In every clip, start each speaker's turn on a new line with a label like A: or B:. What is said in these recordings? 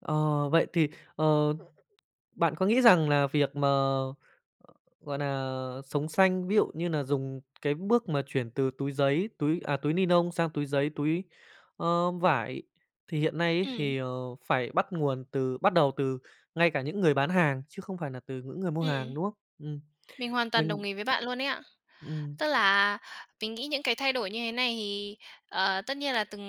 A: Ờ, vậy thì, ờ, bạn có nghĩ rằng là việc mà, gọi nà, sống xanh, ví dụ như nà dùng cái bước mà chuyển từ túi giấy, túi à, túi nylon sang túi giấy, túi, ơ, vải, thì hiện nay ấy
B: Ừm.
A: thì, ờ, phải bắt nguồn từ bắt đầu từ ngay cả những người bán hàng chứ không phải nà từ những người mua
B: Ừm.
A: hàng, đúng không? Ừm.
B: Mình hoàn toàn
A: Mình
B: đồng ý với bạn luôn ấy ạ.
A: Ừm.
B: Tức là, mình nghĩ những cái thay đổi như thế này thì, ờ, tất nhiên là từng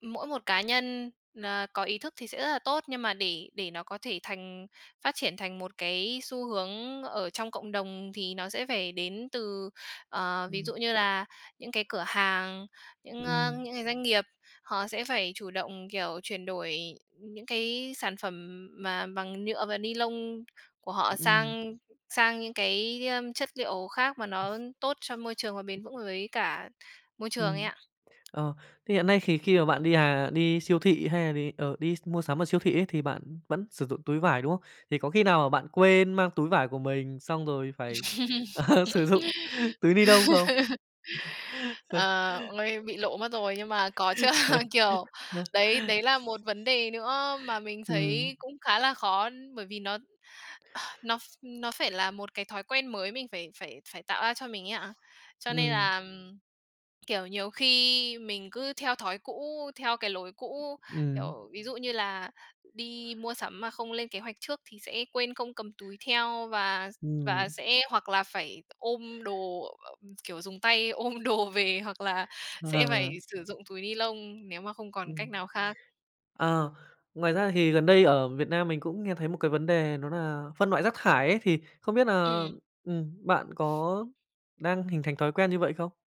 B: ừm, mỗi một cá nhân, à, có ý thức thì sẽ rất là tốt, nhưng mà để để nó có thể thành phát triển thành một cái xu hướng ở trong cộng đồng thì nó sẽ phải đến từ ờ, ví
A: Ừm.
B: dụ như là những cái cửa hàng, những ơ,
A: Ừm.
B: những cái doanh nghiệp. Họ sẽ phải chủ động, kiểu, chuyển đổi những cái sản phẩm mà bằng nhựa và nylon của họ
A: Ừm.
B: sang sang những cái, ưm, chất diệu khác mà nó tốt cho môi trường và bền vững với cả môi trường ấy
A: Ừm.
B: ạ.
A: Ờ, thì hiện nay thì khi mà bạn đi, à, đi siêu thị hay là đì ờ, đi s mua sắm ở siêu thị ấy, thì bạn vẫn sử dụng túi vải, đúng không? Thì có khi nào mà bạn quên mang túi vải của mình, xong rồi phải, ờ, sử dụng túi nylon không?
B: À, ôi, bị lộ mất rồi nhưng mà có chứ, kiểu,
A: Ờ.
B: đấy đấy là một vấn đề nữa mà mình
A: Ừm.
B: thấy cũng khá là khó bởi vì nó nó ph nó phải là một cái thói quen mới mình phải phải phải tạo ra cho mình ấy ạ. Cho nên
A: Ừm.
B: là, kiểu, nhiều khi mình cứ theo thói cũ, theo cái lối cũ,
A: Ừm.
B: kiểu, ví dụ như là đi mua sắm mà không lên kế hoạch trước thì sẽ quên không cầm túi theo và s và
A: Ừm.
B: sẽ hoặc là phải ôm đồ, kiểu, dùng tay ôm đồ về, hoặc là sẽ phải
A: Ờ.
B: sử dụng túi nylon nếu mà không còn cách
A: Ừm.
B: nào khác.
A: Ờ, ngoài ra thì gần đây ở Việt Nam mình cũng nghe thấy một cái vấn đề đó là phân loại rác thải ấy, thì không biết là,
B: Ừm.
A: ừm, bạn có đang hình thành thói quen như vậy không?